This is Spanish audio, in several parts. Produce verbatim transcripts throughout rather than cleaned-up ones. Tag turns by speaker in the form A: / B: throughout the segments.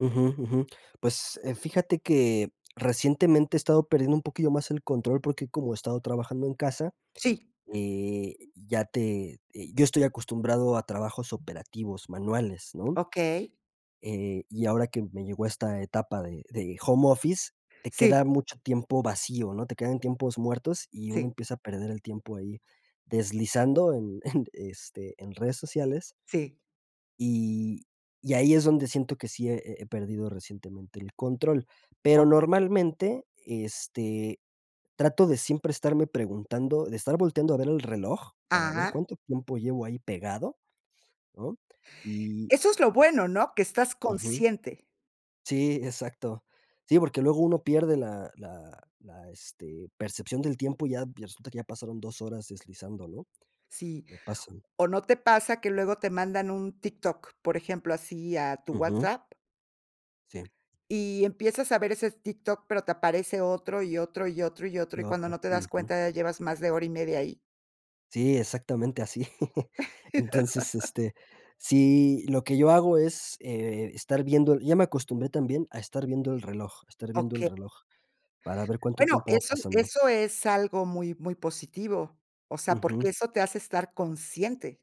A: Ujú, ujú. Pues, eh, fíjate que recientemente he estado perdiendo un poquillo más el control, porque como he estado trabajando en casa,
B: Sí.
A: eh, ya te eh, yo estoy acostumbrado a trabajos operativos manuales, ¿no?
B: Okey.
A: Eh, y ahora que me llegó esta etapa de de home office, te
B: Sí.
A: queda mucho tiempo vacío, ¿no? Te quedan tiempos muertos, y uno
B: Sí.
A: empieza a perder el tiempo ahí, deslizando en en, este, en redes sociales.
B: Sí.
A: Y y ahí es donde siento que sí he he he perdido recientemente el control, pero,
B: Okey.
A: normalmente, este, trato de siempre estarme preguntando, de estar volteando a ver el reloj para ver
B: Ajá.
A: cuánto tiempo llevo ahí pegado, ¿no? Y
B: Eso es lo bueno, ¿no?, que estás
A: Ujú.
B: consciente.
A: Sí, exacto, sí, porque luego uno pierde la la la este, percepción del tiempo, y ya resulta que ya pasaron dos horas deslizando, ¿no?
B: Sí,
A: Le pasan.
B: o ¿no te pasa que luego te mandan un TikTok, por ejemplo, así, a tu
A: Ujú.
B: WhatsApp
A: Sí.
B: y empiezas a ver ese TikTok, pero te aparece otro, y otro y otro y otro,
A: Y
B: y cuando
A: otro,
B: no te das
A: ujú.
B: cuenta, ya llevas más de hora y media ahí?
A: Sí, exactamente así. Entonces, este, sí, lo que yo hago es, eh, estar viendo el y ya me acostumbré también a estar viendo el reloj estar viendo el
B: Okey
A: reloj, para ver cuánto
B: Bueno,
A: tiempo va
B: eso
A: pasando.
B: eso es algo muy muy positivo, o sea, porque
A: Ujú.
B: eso te hace estar consciente.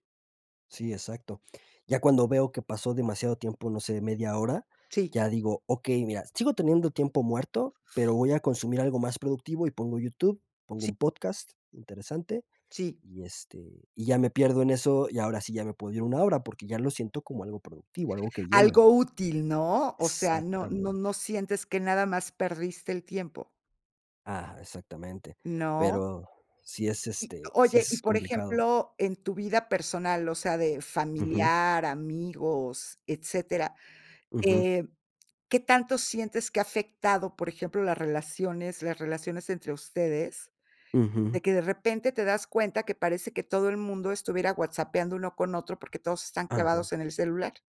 A: Sí, exacto, ya cuando veo que pasó demasiado tiempo, no sé, media hora,
B: Sí.
A: ya digo: "Okey, mira, sigo teniendo tiempo muerto, pero voy a consumir algo más productivo", y pongo YouTube, pongo
B: Sí.
A: un podcast, interesante,
B: Sí.
A: y, este, y ya me pierdo en eso, y ahora sí ya me puedo ir una hora, porque ya lo siento como algo productivo, algo que llena.
B: Algo útil, ¿no? O sea, no no
A: Exactamente.
B: no sientes que nada más perdiste el tiempo.
A: Ah, exactamente,
B: ¿No?
A: pero sí es,
B: Y
A: este, sí
B: oye, y,
A: es
B: por
A: complicado.
B: ejemplo, en tu vida personal, o sea, de
A: Ujú.
B: familiar, amigos, etcétera,
A: Ujú.
B: eh, ¿qué tanto sientes que ha afectado, por ejemplo, las relaciones las relaciones entre ustedes, de
A: Ujú.
B: que de repente te das cuenta que parece que todo el mundo estuviera whatsappeando uno con otro, porque todos están
A: Ajá.
B: clavados en el celular?